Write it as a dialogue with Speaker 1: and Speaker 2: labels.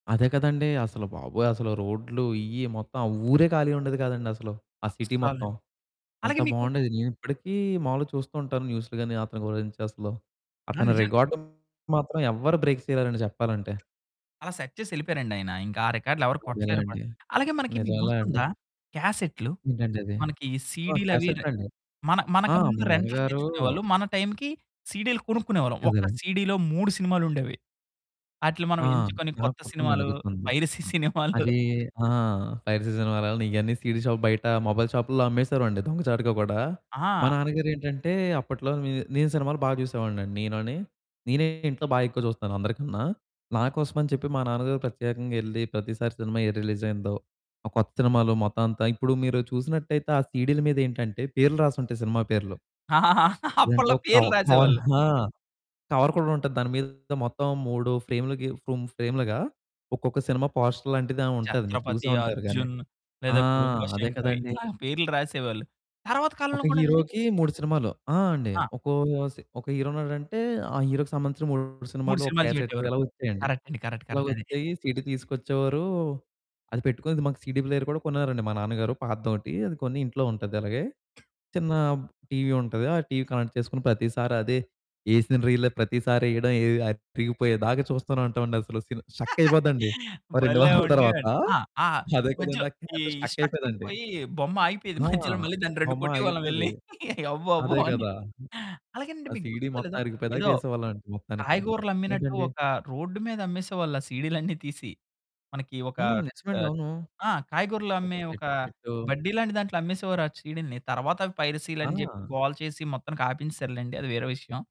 Speaker 1: అదే కదండీ. అసలు బాబోయ్ అసలు రోడ్లు ఇయ్యి, మొత్తం ఆ ఊరే ఖాళీ ఉండేది కాదండి అసలు. ఆ సిటీ
Speaker 2: అస్సలండి.
Speaker 1: మొత్తం. అంత
Speaker 2: అలాగే మీకు
Speaker 1: బావుండేది. నేను ఇప్పడికి మావూలుగా చూస్తూ ఉంటాను న్యూసులు గాని, అతని గురించి అసలు
Speaker 2: ఆ!
Speaker 1: అతని
Speaker 2: నిజం.
Speaker 1: రికార్డ్‌ని మాత్రం ఎవ్వరు బ్రేక్ చేయలేరండి చెప్పాలంటే.
Speaker 2: అలా సెట్ చేసి యెళ్ళిపోయారండి ఆయన. ఇంకా ఆ రికార్డులు ఎవరు కొట్టలేరు కూడ.
Speaker 1: అదేలేండి.
Speaker 2: అలాగే మనకి మీకు
Speaker 1: నిజంలే అండి.
Speaker 2: గుర్తుందా క్యాసెట్టులు.
Speaker 1: ఏంటండి అది?
Speaker 2: మనకి
Speaker 1: ఆ!
Speaker 2: సీడీ‌లు అవి రె
Speaker 1: క్యాసెటులండి.
Speaker 2: మన
Speaker 1: ఆ!
Speaker 2: మనకు ముందు
Speaker 1: మా
Speaker 2: రెంట్లుకు
Speaker 1: నాన్నగారు
Speaker 2: తెచ్చుకునేవాళ్ళు. మన టైంకి సీడీ‌లు కొనుక్కునేవాళ్ళం. ఒక్క
Speaker 1: అదేలెండి.
Speaker 2: సీడీ‌లో 3 సినిమాలుండేవి. ఆటిలిని మనం
Speaker 1: ఆ!
Speaker 2: ఎంచుకొని
Speaker 1: నాకు
Speaker 2: కొత్త
Speaker 1: గుర్తుందండి.
Speaker 2: సినిమాలు
Speaker 1: గుర్తుంది.
Speaker 2: పైరసీ సినిమాలు
Speaker 1: అదీ ఆ! పైరసీ సినిమాలన్ని, ఇయన్నీ సీడీ షాపు బయట మొబైల్ షాపుల్లో అమ్మేసేవోరమండి దొంగచాటుగా గుడా. మా
Speaker 2: ఆ!
Speaker 1: నాన్నగారు ఏంటంటే అప్పట్లో, మే నేను సినిమాలు బా చూసేవాడిని అండి నేనుని. నేనే ఇంట్లో బా ఎక్కువ చూస్తాను అందరికన్నా. నాకోసమని చెప్పి మా నాన్నగారు ప్రత్యేకంగా యెళ్లి, ప్రతిసారి సినిమా ఏది రిలీజ్ అయిందో, ఆ కొత్త సినిమాలు మొత్తం అంతా ఇప్పుడు మీరు చూసినట్టయితే ఆ సీడీల మీద ఏంటంటే పేర్లు రాసుంటాయి సినిమా పేర్లు.
Speaker 2: ఆహహా!
Speaker 1: లేదంటే
Speaker 2: అప్పట్లో
Speaker 1: ఒక కవ్
Speaker 2: పేర్లు
Speaker 1: కవర్,
Speaker 2: రాసేవాళ్ళు.
Speaker 1: ఆ! కవర్ కూడా ఉంటది. దాని మీద మొత్తం 3 ఫ్రేములుగిఫ్ ఫ్రేములుగా, ఒక్కొక్క సినిమా పోస్టర్ లాంటిదని ఉంటాది. మీరు చూసే
Speaker 2: 'చత్రపతి',
Speaker 1: ఉంటారు గాని.
Speaker 2: 'అర్జున్' లేదా
Speaker 1: ఆ!
Speaker 2: 'గుడుంబ
Speaker 1: అదే
Speaker 2: శంకర్'
Speaker 1: కదండీ.
Speaker 2: ఇలాగ పేర్లు రాసేవాళ్ళు. తరువాత కాలంలో
Speaker 1: ఒక
Speaker 2: కూడానండి.
Speaker 1: హీరోకి 3 సినిమాలు. ఆ! అండి,
Speaker 2: ఆ!
Speaker 1: ఒకో స్ ఒక హీరో ఉన్నాడంటే, ఆ హీరోకి సంబంధించిన 3
Speaker 2: 3
Speaker 1: సినిమాలు ఒక
Speaker 2: సినిమాలు
Speaker 1: క్యాసెట్టు
Speaker 2: చూపెట్టేవారు.
Speaker 1: ఇలా వచ్చాయండి.
Speaker 2: కరెక్ట్ అండి. కరెక్ట్,
Speaker 1: ఇలా
Speaker 2: కరెక్ట్ అది.
Speaker 1: వచ్చాయి సీడీ తీసుకొచ్చేవారు, అది పెట్టుకొనేది మాకు సీడీ ప్లేయరు కూడా కొన్నారండి మా నాన్నగారు పాతదొకటి. అది కొని ఇంట్లో ఉంటది అలాగే. చిన్న బ్ టీవీ ఉంటది. ఆ టీవీ కనెక్ట్ చేసుకొన్న ప్రతిసారి అదే, యేసీన రీలే ప్రతిసారి యేయడం, అరిగిపోయేదాకా చూస్తూనే ఉంటాం అండి అసలు. Sin stuck అయిపోద్దండి. ఓ 2
Speaker 2: భలే!
Speaker 1: వారాల తరువాత
Speaker 2: ఉండేవాడిని. ఆ! ఆ
Speaker 1: అదే
Speaker 2: మధ్యలో
Speaker 1: కదండీ ఆ
Speaker 2: ఈ
Speaker 1: క్యాసెట్టు స్టక్
Speaker 2: స్ట్రక్
Speaker 1: అయిపోదండి.
Speaker 2: అంపోయి బొమ్మ ఆగిపోయేది
Speaker 1: ఆ
Speaker 2: మధ్యలో, మళ్ళీ దాన్ని రెండు
Speaker 1: బొమ్మ
Speaker 2: కొట్టేవాళ్ళం
Speaker 1: ఆగిపోయేది.
Speaker 2: యెళ్ళి అవ్వు అవ్వు
Speaker 1: అదే
Speaker 2: అని.
Speaker 1: గదా!
Speaker 2: అలాగేనండి
Speaker 1: ఆ
Speaker 2: మీకు
Speaker 1: సీడీ
Speaker 2: గుర్తుందో
Speaker 1: మొత్తం
Speaker 2: లేదో,
Speaker 1: అరిగిపోదాక
Speaker 2: ఏదో
Speaker 1: చేసేవాళ్ళమండి మొత్తానికి.
Speaker 2: కాయగూరలు అమ్మినట్టు
Speaker 1: ఏంటండి?
Speaker 2: ఒక రోడ్డు మీద అమ్మేసేవాళ్ళు ఆ సీడీలన్నీ తీసి. మనకి ఒక
Speaker 1: హ్మ్, నిజమండి
Speaker 2: ఆహ్,
Speaker 1: అవును.
Speaker 2: ఆ! కాయగూరలు
Speaker 1: ఒక
Speaker 2: అమ్మే ఒక
Speaker 1: సెట్టు సెట్టు
Speaker 2: బడ్డీలాంటి దాంట్లో అమ్మేసేవారు ఆ సీడీలుని. తరువాత అవి పైరసీలు
Speaker 1: ఆ!
Speaker 2: అని జెప్పి, గోల చేసి, మొత్తానికి ఆపించేసారులెండి అది వేరే విషయం.